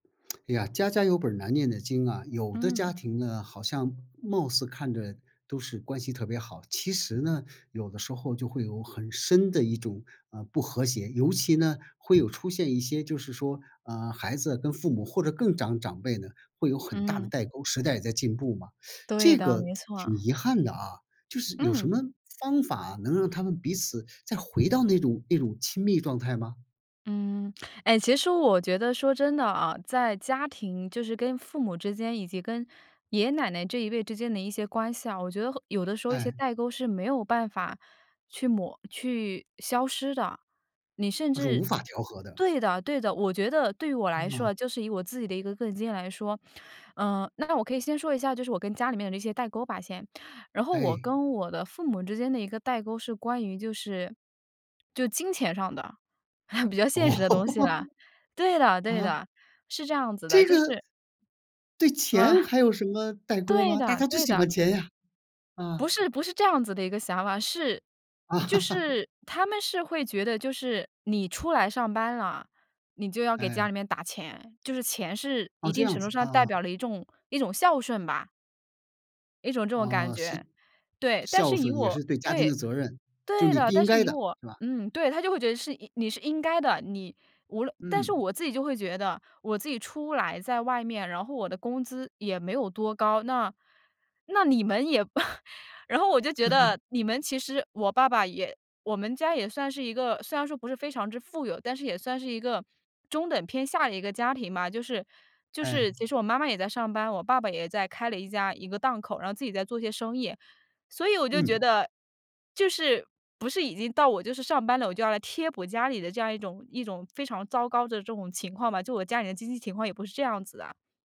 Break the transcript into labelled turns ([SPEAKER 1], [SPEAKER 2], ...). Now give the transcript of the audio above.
[SPEAKER 1] 哎呀，家家有本儿难念的经啊，有的
[SPEAKER 2] 嗯。
[SPEAKER 1] 家庭呢，好像貌似看着都是关系特别好，其实呢，有的时候就会有很深的一种，啊，不和谐，尤其呢，会有出现一些就是说，啊，孩子跟父母或者更长长辈呢，会有很大的
[SPEAKER 2] 嗯。
[SPEAKER 1] 代沟，时代也在进步嘛，
[SPEAKER 2] 对
[SPEAKER 1] 这
[SPEAKER 2] 的，
[SPEAKER 1] 个
[SPEAKER 2] 没
[SPEAKER 1] 挺
[SPEAKER 2] 错。
[SPEAKER 1] 遗憾的啊，就是有什
[SPEAKER 2] 嗯。
[SPEAKER 1] 么方法能让他们彼此再回到那种那种亲密状态吗？
[SPEAKER 2] 嗯，哎，其实我觉得说，真的啊，在家庭，就是跟父母之间以及跟爷爷奶奶这一辈之间的一些关系啊，我觉得后有的时候一些
[SPEAKER 1] 哎。
[SPEAKER 2] 代沟是没有办法去抹去消失的。你甚
[SPEAKER 1] 它是无
[SPEAKER 2] 至
[SPEAKER 1] 法调和的。
[SPEAKER 2] 对的对的。我觉得对于我来说
[SPEAKER 1] 嗯。
[SPEAKER 2] 啊，就是以我自己的一个个人经验来说呃，那我可以先说一下，就是我跟家里面的这些代沟吧，先。然后我
[SPEAKER 1] 哎。
[SPEAKER 2] 跟我的父母之间的一个代沟是关于就是就金钱上的。比较现
[SPEAKER 1] 哦。
[SPEAKER 2] 实的东西了。对 的对
[SPEAKER 1] 啊？
[SPEAKER 2] 的。是这样子的，
[SPEAKER 1] 这
[SPEAKER 2] 就
[SPEAKER 1] 个。
[SPEAKER 2] 是
[SPEAKER 1] 对钱
[SPEAKER 2] 啊。
[SPEAKER 1] 还有什么代沟
[SPEAKER 2] 对
[SPEAKER 1] 吗？大
[SPEAKER 2] 的，
[SPEAKER 1] 家最
[SPEAKER 2] 对
[SPEAKER 1] 喜
[SPEAKER 2] 的。
[SPEAKER 1] 欢钱呀，啊。
[SPEAKER 2] 不是不是这样子的一个想法，是就 是他们是会觉得，就是你出来上班了，你就要给家
[SPEAKER 1] 哎。
[SPEAKER 2] 里面打钱，就是钱是
[SPEAKER 1] 哦，
[SPEAKER 2] 一
[SPEAKER 1] 这
[SPEAKER 2] 定
[SPEAKER 1] 样
[SPEAKER 2] 程度
[SPEAKER 1] 子，
[SPEAKER 2] 上代
[SPEAKER 1] 啊。
[SPEAKER 2] 表了一种一种孝顺吧！一种这种感
[SPEAKER 1] 嗯，是，
[SPEAKER 2] 觉，对。但
[SPEAKER 1] 孝
[SPEAKER 2] 是以
[SPEAKER 1] 顺也
[SPEAKER 2] 我
[SPEAKER 1] 是对家庭
[SPEAKER 2] 对，
[SPEAKER 1] 的责任，就
[SPEAKER 2] 对
[SPEAKER 1] 你
[SPEAKER 2] 的，
[SPEAKER 1] 不
[SPEAKER 2] 但
[SPEAKER 1] 应
[SPEAKER 2] 是
[SPEAKER 1] 该
[SPEAKER 2] 以
[SPEAKER 1] 的，
[SPEAKER 2] 我
[SPEAKER 1] 是吧？
[SPEAKER 2] 嗯，对，她就会觉得是你是应该的，你无论但是
[SPEAKER 1] 嗯。
[SPEAKER 2] 我自己就会觉得，我自己出来在外面，然后我的工资也没有多高，那那你们也 然后我就觉得 你们其实我爸爸也我们家也算是一个，虽然说不是非常之富有，但是也算是一个中等偏下的一个家庭吧，就是就
[SPEAKER 1] 哎。
[SPEAKER 2] 是其实我妈妈也在上班，我爸爸也在开了一家一个档口，然后自己在做一些生意，所以我就觉
[SPEAKER 1] 嗯。
[SPEAKER 2] 得，就是，不是已经到我就是上班了，我就要来贴补家里的这样一种一种非常糟糕的这种情况吧，就我家里的经济情况也不是这样子的。